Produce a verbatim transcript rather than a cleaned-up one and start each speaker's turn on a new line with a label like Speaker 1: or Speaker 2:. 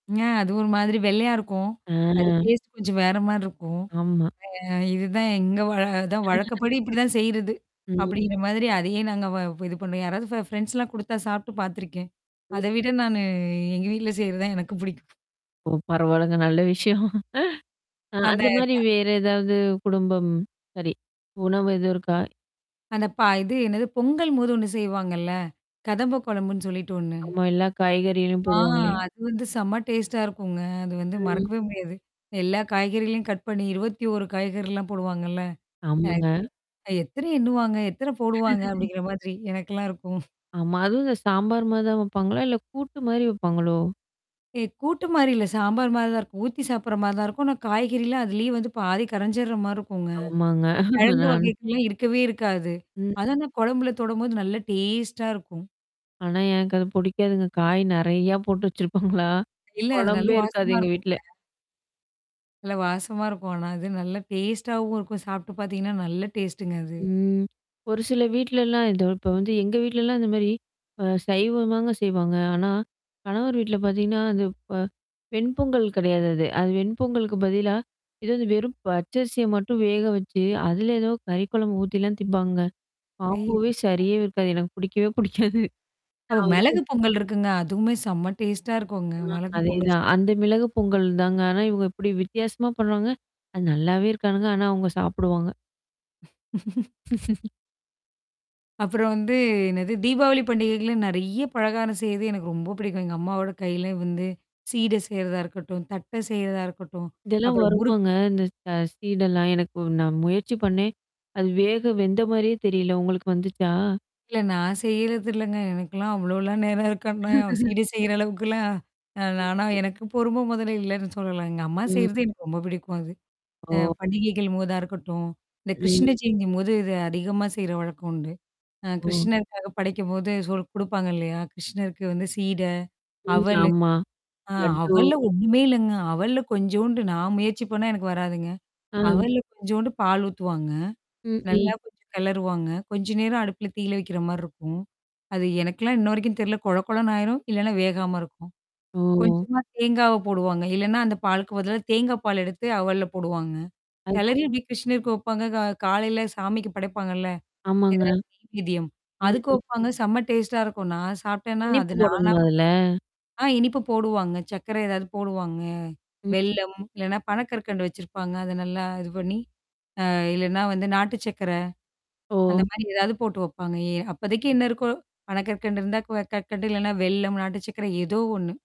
Speaker 1: ஆ அது ஒரு மாதிரி வெள்ளையா இருக்கும்.
Speaker 2: ஆ.
Speaker 1: அது டேஸ்ட் கொஞ்சம் வேறமாரி இருக்கும்.
Speaker 2: ஆமா.
Speaker 1: அ இதுதான் எங்க வழ வழக்கப்படி இப்பிடிதான் செய்யிறது.
Speaker 2: ம்.
Speaker 1: அப்பிடிங்கிற மாதிரி அதையே நாங்க வ இது பண்ணுவோம். யாராவது ஃபெ ஃப்ரெண்ட்ஸ்லாம் குடுத்தா சாப்ட்டு பாத்துருக்கேன்.
Speaker 2: ம்.
Speaker 1: அத விட நானு எங்க வீட்ல செய்யிறதான் எனக்கும் புடிக்கும்.
Speaker 2: ஓ! பரவால்லங்க. நல்ல விஷயம். அ
Speaker 1: அந்த
Speaker 2: அந்தமாரி
Speaker 1: க
Speaker 2: வேற ஏதாவது குடும்பம்? சரி. உணவு எதுவும் இருக்கா?
Speaker 1: அந்த பா இது என்னது பொங்கல்ம் போது ஒண்ணு செய்வாங்கல்ல? கதம்ப கொழம்புன்னு சொல்லிட்டு ஒண்ணு.
Speaker 2: ஆமா. எல்லா காய்கறிகளும்
Speaker 1: ஆ
Speaker 2: போடுவாங்களே!
Speaker 1: அது வந்து செம்ம டேஸ்ட்டா இருக்குங்க. அது வந்து
Speaker 2: ம்.
Speaker 1: மறக்கவே முடியாது. எல்லா காய்கறிகளையும் கட் பண்ணி, இருவத்தி ஒரு காய்கறிலாம் போடுவாங்கல்ல.
Speaker 2: ஆமாங்க.
Speaker 1: [unintelligible] அ எத்தன எண்ணுவாங்க? எத்தன போடுவாங்க அப்பிடிங்கிற மாதிரி எனக்கெல்லாம் இருக்கும்.
Speaker 2: ஆமா. அதுவும் இந்த சாம்பார் மாரிதான் வப்பாங்களா? இல்ல கூட்டுமாரி வப்பாங்களோ!
Speaker 1: ஏ கூட்டு மாரி இல்ல. சாம்பார் மாரி தான் இருக்கும். ஊத்தி சாப்புட்ற மாரி தான் இருக்கும். ஆனா காய்கறிலாம் அதலேயே வந்து பாதி கரஞ்சிர்ற மாரி இருக்குங்க.
Speaker 2: ஆமாங்க.
Speaker 1: கிழங்கு
Speaker 2: நான்
Speaker 1: வகைக்கெல்லாம் இருக்கவே இருக்காது.
Speaker 2: ம்.
Speaker 1: அதனா குழம்புல தொடும்போது நல்லா டேஸ்ட்டா இருக்கும்.
Speaker 2: ஆனா, எனக்கு அது புடிக்காதுங்க. காய் நிறையா போட்டு வச்சிருப்பாங்களா!
Speaker 1: இல்ல அது நல்ல
Speaker 2: குழம்பே இருக்காது
Speaker 1: வாசமா
Speaker 2: எங்க
Speaker 1: இருக்குங்க.
Speaker 2: வீட்ல.
Speaker 1: நல்ல வாசமா இருக்கும். ஆனா அது நல்ல டேஸ்ட்டாவும் இருக்கும். சாப்ட்டு பாத்தீங்கன்னா நல்லா டேஸ்ட்டுங்க அது.
Speaker 2: ம். ஒரு சில வீட்லலாம் இதோ இப்ப வந்து எங்க வீட்லலாம் இந்தமாரி அ சைவம்தாங்க செய்வாங்க. ஆனா, கணவர் வீட்ல பார்த்தீங்கன்னா, அந்த ப வெண்பொங்கல் கிடையாது அது. அது வெண்பொங்கலுக்கு பதிலா, எதாவது வெறும் பச்சரிசிய மட்டும் வேக வச்சு, அதில ஏதோ கறி குழம்பு ஊத்திலாம் திப்பாங்க. காம்போவே
Speaker 1: ஐய்யய்யோ! அ.
Speaker 2: சரியாவே இருக்காது. எனக்கு பிடிக்கவே புடிக்காது.
Speaker 1: அப்ப
Speaker 2: நான் வந்து
Speaker 1: மெளகு பொங்கல் இருக்குங்க. அதுவுமே செம்ம டேஸ்ட்டா இருக்குங்க.
Speaker 2: அ,
Speaker 1: மெளகு பொங்கல்
Speaker 2: அதேதான்.
Speaker 1: [unintelligible]
Speaker 2: அந்த மிளகு பொங்கல் தாங்க. ஆனா இவுங்க இப்படி வித்தியாசமா பண்ணறாங்க, அ நல்லாவே இருக்காதுங்க. ஆனா அவுங்க சாப்படுவாங்க.
Speaker 1: அப்புறம் வந்து என்னது, தீபாவளி பண்டிகைகள்லாம் நிறைய பலகாரம் செய்து எனக்கு ரொம்ப பிடிக்கும். எங்க அம்மாவோட கையில வந்து, சீட செய்யிறதா இருக்கட்டும், தட்ட செய்றதா இருக்கட்டும்.
Speaker 2: இதெல்லாம்
Speaker 1: அப்புறம் முறுக்
Speaker 2: வருமாங்க. இந்த ச சீடெல்லாம். எனக்கு நான் முயற்சி பண்ணேன். அது வேக வெந்த மாரியே தெரியல. உங்களுக்கு வந்துச்சா?
Speaker 1: இல்ல, நான் செய்யறது இல்லங்க. எனக்கெல்லாம் அவ்ளோலாம் நேரம் இருக்கனா சிட செய்யிற அளவுக்குலாம் அ
Speaker 2: ம்.
Speaker 1: நானா எனக்கு பொறும மொதல்ல இல்லன்னு சொல்லலாம். எங்க அம்மா
Speaker 2: ம்.
Speaker 1: செய்யிறது எனக்கு ரொம்ப புடிக்கும் அது. அ
Speaker 2: ஓ!
Speaker 1: பண்டிகைகள் போதா இருக்கட்டும். இந்த கிருஷ்ண
Speaker 2: ம்.
Speaker 1: ஜெயந்தின்போது இது அதிகமா செய்ற வழக்கம் உண்டு. ஆ
Speaker 2: ஓ!
Speaker 1: கிருஷ்ணருக்காக படைக்கும்போது சொல் குடுப்பாங்க இல்லயா! கிருஷ்ணருக்கு வந்து சீட,
Speaker 2: ம்.
Speaker 1: அவலு.
Speaker 2: ஆமா.
Speaker 1: ஆ
Speaker 2: லட்டு.
Speaker 1: அவல்ல ஒண்ணுமே இல்லங்க. அவல்ல கொஞ்சோன்ட்டு நான் முயற்சி பண்ணா எனக்கு வராதுங்க.
Speaker 2: ஆ.
Speaker 1: அவல்ல கொஞ்சோண்டு பால் ஊத்துவாங்க.
Speaker 2: ம், ம்.
Speaker 1: நல்லா கொஞ்சம் கெளருவாங்க. கொஞ்ச நேரம் அடுப்புல தீயில வைக்கிறமாரி இருக்கும். அது எனக்குல்லாம் இன்ன வரைக்கும் தெர்ல. கொழ கொழன்னு ஆயிரும், இல்லன்னா வேகாம இருக்கும்.
Speaker 2: ஓ!
Speaker 1: கொஞ்சமா தேங்காவ போடுவாங்க. இல்லன்னா, அந்த பாலுக்கு பதில தேங்காய் பால் எடுத்து அவல்ல போடுவாங்க.
Speaker 2: [unintelligible]
Speaker 1: கெளரி இப்பிடி கிருஷ்ணருக்கு வைப்பாங்க. க காலையில சாமிக்கு படைப்பாங்கல்ல.
Speaker 2: ஆமாங்க.
Speaker 1: எதாவது நெய் வேதியம்.
Speaker 2: ம்,
Speaker 1: அதுக்கு
Speaker 2: ம்.
Speaker 1: வைப்பாங்க. செம்ம டேஸ்ட்டா இருக்கும் நான் சாப்டேன்னா,
Speaker 2: இனிப்பு
Speaker 1: அது நானா
Speaker 2: போடணுமா அதுல?
Speaker 1: ஆ இனிப்பு போடுவாங்க. சர்க்கர ஏதாவது போடுவாங்க.
Speaker 2: ம்.
Speaker 1: வெள்ளம் இல்லன்னா பனக்கற்கண்டு வச்சிருப்பாங்க. அத நல்லா இது பண்ணி, அ இல்லன்னா வந்து நாட்டு சர்க்கர.
Speaker 2: ஓ!
Speaker 1: அந்தமாரி ஏதாவது போட்டு வைப்பாங்க. ஏ அப்போதைக்கு என்ன இருக்கோ, பனக்கற்கண்டு இருந்தா க கற்கண்டு இல்லன்னா வெல்லம் நாட்டு சக்கர ஏதோ ஒண்ணு.